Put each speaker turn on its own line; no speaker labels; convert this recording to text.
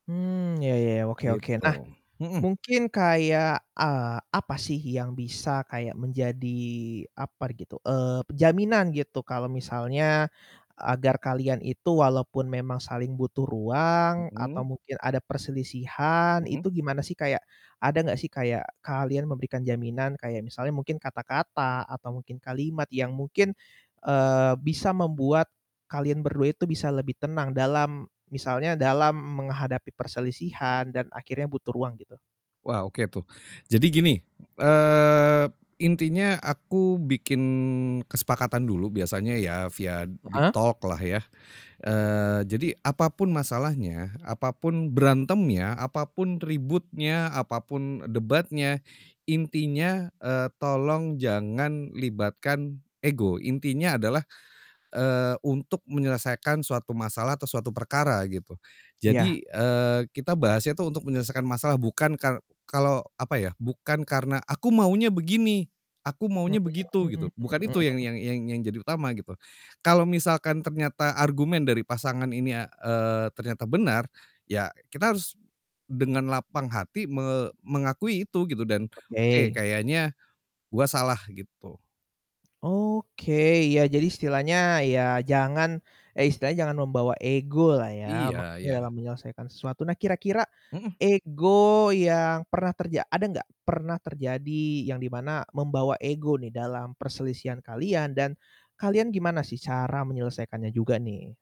Mmm, iya iya, oke oke.
Gitu.
Nah,
Mhm.
mungkin kayak, eee, apa sih yang bisa kayak menjadi upper gitu, eee, jaminan gitu. kalau misalnya agar kalian itu walaupun memang saling butuh ruang atau
Mhm?
mungkin ada perselisihan,
Mhm?
itu gimana sih kayak ada gak sih kayak kalian memberikan jaminan? Kayak misalnya mungkin kata-kata atau mungkin kalimat yang mungkin, eee, bisa membuat kalian berdua itu bisa lebih tenang dalam misalnya dalam menghadapi perselisihan dan akhirnya butuh ruang, gitu?
Wah, oke tuh. Jadi gini, eee, intinya aku bikin kesepakatan dulu biasanya ya via deep
Heeh?
talk lah ya. Eee, jadi, apapun masalahnya, apapun berantemnya, apapun ributnya, apapun debatnya. Intinya, eee, tolong jangan libatkan ego, intinya adalah, eee, untuk menyelesaikan suatu masalah atau suatu perkara, gitu.
Iya.
Jadi, eee, kita bahasnya tuh untuk menyelesaikan masalah, bukan kar kalau, apa ya, bukan karena, "Aku maunya begini. Aku
Mmm,
maunya begitu," gitu.
mhm
Bukan itu yang
mhm.
yang yang yang jadi utama gitu. Kalau misalkan ternyata argumen dari pasangan ini a eee, ternyata benar, ya kita harus dengan lapang hati me mengakui itu, gitu dan, "Oke,
Oke.
kayaknya gua salah," gitu.
Oke, iya jadi istilahnya ya jangan eh, istilahnya jangan membawa ego lah ya,
Iya
maksudnya
iya.
dalam menyelesaikan sesuatu. Nah, kira-kira
Mhm.
ego yang pernah terja ada gak, pernah terjadi yang di mana membawa ego nih dalam perselisihan kalian dan kalian gimana sih cara menyelesaikannya juga nih?